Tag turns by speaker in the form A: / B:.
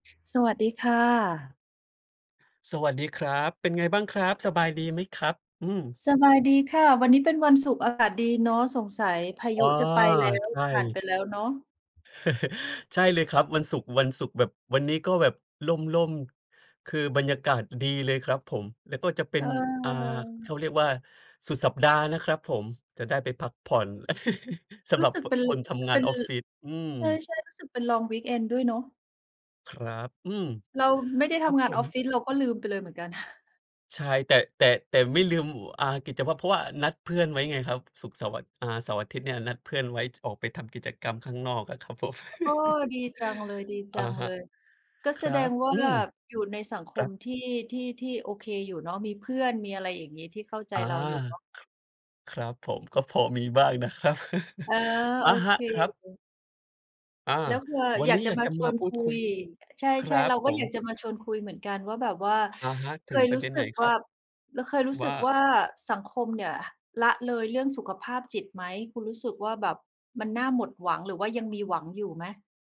A: สวัสดีค่ะ
B: สวัสดีครับ เป็นไงบ้างครับ สบายดีไหมครับ? อืม
A: สบายดีค่ะ วันนี้เป็นวันศุกร์ อากาศดีเนาะ สงสัยพา
B: อ
A: ย
B: ๋อ
A: ุจะไปแล้ว
B: ใช
A: ผ่านไป
B: ่
A: แล้วเนาะ
B: ใช่เลยครับ วันศุกร์ วันศุกร์แบบ วันนี้ก็แบบร่ม ๆ คือบรรยากาศดีเลยครับผม แล้วก็จะเป็
A: เ
B: น อ่า เข
A: ออ
B: าเรียกว่าสุดสัปดาห์นะครับผม จะได้ไปพักผ่อน ส
A: ร
B: ำ
A: ู
B: หร
A: ้
B: ับ
A: สึก
B: พ
A: เป็น
B: คนทำง
A: เ
B: า
A: ป็
B: น
A: น
B: ออฟฟิศ อืม
A: ใช่ ๆ รู้สึกเป็น ลองวีกเอนด์ ด้วยเนาะ
B: ครับ อืม
A: เราไม่ได้
B: ค
A: ท
B: รับ
A: ำงา
B: ผ
A: นอ
B: ม
A: อฟฟิศ เราก็ลืมไปเลยเหมือนกัน
B: ใช่ แต่ แต่ แต่ไม่ลืม อ่า กิจวัตร เพราะว่านัดเพื่อนไว้ไงครับ ศุกร์ เสาร์ อ อ่า เสาร์ อาทิตย์เนี่ย นัดเพื่อนไว้ จ ออกไปทำกิจกรรมข้างนอกอะครับผม
A: โอ้ ดีจังเล
B: อะฮะ
A: ย ๆ ก็
B: ค
A: แส
B: รั
A: ด
B: บ
A: งว่
B: อ
A: า
B: ืม
A: อยู่ในสังค
B: ครั
A: ม
B: บ
A: ที่ ที่ ที่โอเคอยู่เนาะ มีเพื่อน มีอะไรอย่างงี้ ที่เข้าใจ
B: อา
A: เราอยู่เนาะ
B: ครับผม ก็พอมีบ้างนะครับ
A: อ๋อ
B: อ
A: โ
B: ะ
A: อ
B: ฮ
A: เค
B: ะ ครับ อา
A: แล้วคือเราอะ
B: วั
A: อ
B: น
A: ย
B: น
A: าก
B: ี้
A: จะ
B: อยาก
A: มา
B: จะ
A: ช
B: มา
A: วน
B: พู
A: ค
B: ด
A: ุ
B: คุย
A: ย ใช
B: คร
A: ่
B: ั
A: ๆ เ
B: บ
A: รา
B: ผ
A: ก็อยาก
B: ม
A: จะมาชวนคุยเหมือนกันว่าแบบว่า
B: อะฮะ
A: เ
B: ถ
A: ค
B: ึง
A: ย
B: ปร
A: ร
B: ะ
A: ู
B: เ
A: ้
B: ด็น
A: ส
B: ไ
A: ึ
B: หน
A: ก
B: ค
A: ว
B: รั
A: ่า
B: บ?
A: แล้วเคยรู้
B: ว
A: สึ
B: ่
A: ก
B: า
A: ว่าสังคมเนี่ยละเลยเรื่องสุขภาพจิตไหม คุณรู้สึกว่าแบบมันน่าหมดหวัง หรือว่ายังมีหวังอยู่ไหม?